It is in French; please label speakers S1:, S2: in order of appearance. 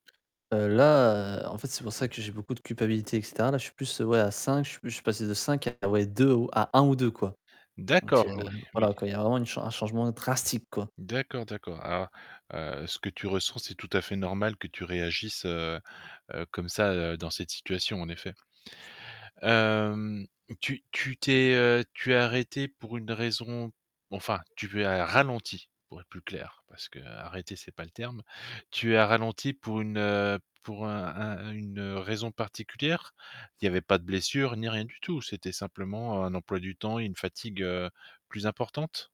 S1: Heu, là, heu, en fait c'est pour ça que j'ai beaucoup de culpabilité et cetera. Là, je suis plus ouais à 5, je sui je suis passé de 5, ah ouais, 2 ou à 1 ou 2, quoi. Donc heu,
S2: D'accord, oui, oui.
S1: voilà quoi, il y a vraiment une chan un changement drastique, quoi.
S2: D'accord, d'accord. Ah, heu, ce que tu ressens, c'est tout à fait normal que tu réagisses, heu heu, comme ça, heu, dans cette situation, en effet. Hem, tu tu t'es, heu, tu es arrêté pour une raison enfin tu as ralenti, pour être plus clair, parce que «arrêter» c'est pas le terme, tu as ralenti pour une heu, pour un un une-raison particulière? Il y avait pas de blessures ni rien du tout? C'était simplement un emploi du temps et une fatigue, heu, plus importante?